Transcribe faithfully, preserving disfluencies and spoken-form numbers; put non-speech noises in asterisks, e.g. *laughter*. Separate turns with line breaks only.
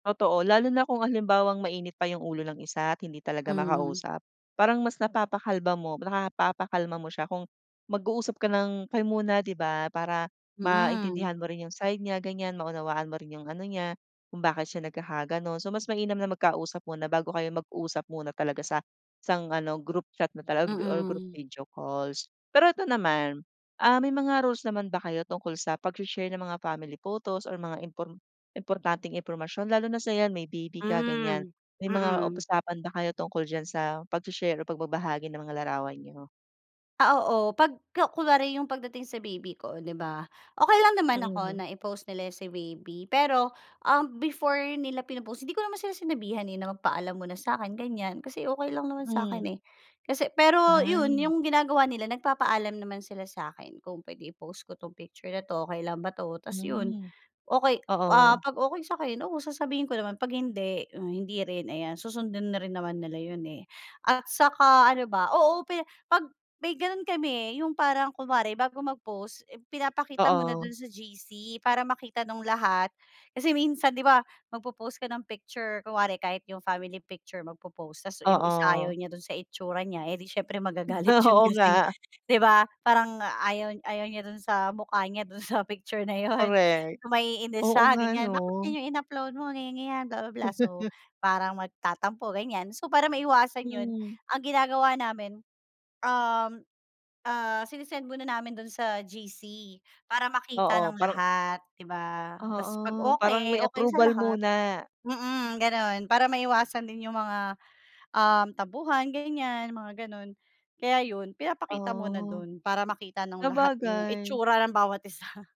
Totoo, lalo na kung halimbawang mainit pa 'yung ulo ng isa at hindi talaga
Mhm.
makausap. Parang mas napapakalma mo, napapakalma mo siya kung mag-uusap ka ng kayo muna 'di ba. Para
Mm.
maintindihan mo rin 'yung side niya ganiyan, maunawaan mo rin 'yung ano niya, kung bakit siya nagkakagano'n. So mas mainam na magkausap muna bago kayo mag-usap muna talaga sa isang ano, group chat na talaga or group
Mm.
video calls. Pero ito naman, ah, may mga rules naman ba kayo tungkol sa pag-she-share ng mga family photos or mga impor importanteng impormasyon lalo na sa 'yan may baby ka ganiyan,
Hmm,
may mga
mm.
usapan ba kayo tungkol diyan sa pag-she-share o pagbabahagi ng mga larawan niyo?
Ah, oo. Pagka kunwari 'yung pagdating sa baby ko 'di ba, okey lang naman ako
Mm.
na i-post nila si baby. Pero, ah, before nila pino-post, hindi ko naman sila sinabihan eh, na magpaalam muna sa'kin ganyan, kasi okey lang naman
Hmm.
sa'kin, eh. Kasi pero
Baha
'yun,
mm.
'yung ginagawa nila nagpapaalam naman sila sa'kin, "Kung pwede i-post ko 'tong picture na 'to, okey lang ba 'to?" 'tas 'yun,
Hmm,
okey, ah,
oo.
pag okey sa'kin, oo, sasabihin ko naman, pag hindi o hindi rin ayan, susundin na rin naman nila 'yun, eh. At saka ano ba, oo, pe pag may gano'n kami eh, 'yung parang kunwari bago mag-post, pinapakita muna
Oo.
do'n sa G-C para makita nung lahat. Kasi minsan 'di ba, magpo-post ka ng picture, kunwari kahit 'yung family picture, magpo-post, 'tas 'yung isa ayaw
Oo.
niya do'n sa itsura niya, eh, 'di siyempre magagalit 'yun
Oo
kasi
nga.
'di ba, parang ayaw ayaw niya do'n sa mukha niya do'n sa picture na 'yun,
Korek.
maiinis
Oo
siya
nga
ganiyan.
'no.
"Bakit ganiyan 'yung in-upload mo, ganiyan ganiyan, bla bla bla." So
*laughs*
parang magtatampo, ganiyan. So para maiwasan 'yun,
Mm.
ang ginagawa namin, um, ah, sine-send muna namin dun sa G-C para makita
Oo,
ng
parang
lahat 'di ba. 'Tas pag
Oo, parang may
okey okey sa
approval
lahat
muna.
mm, gano'n, para maiwasan din 'yung mga, um, tampuhan ganiyan mga gano'n. Kaya 'yun, pinapakita muna
Ah,
dun, para makita ng lahat 'yung
sabagay.
itsura ng bawat isa.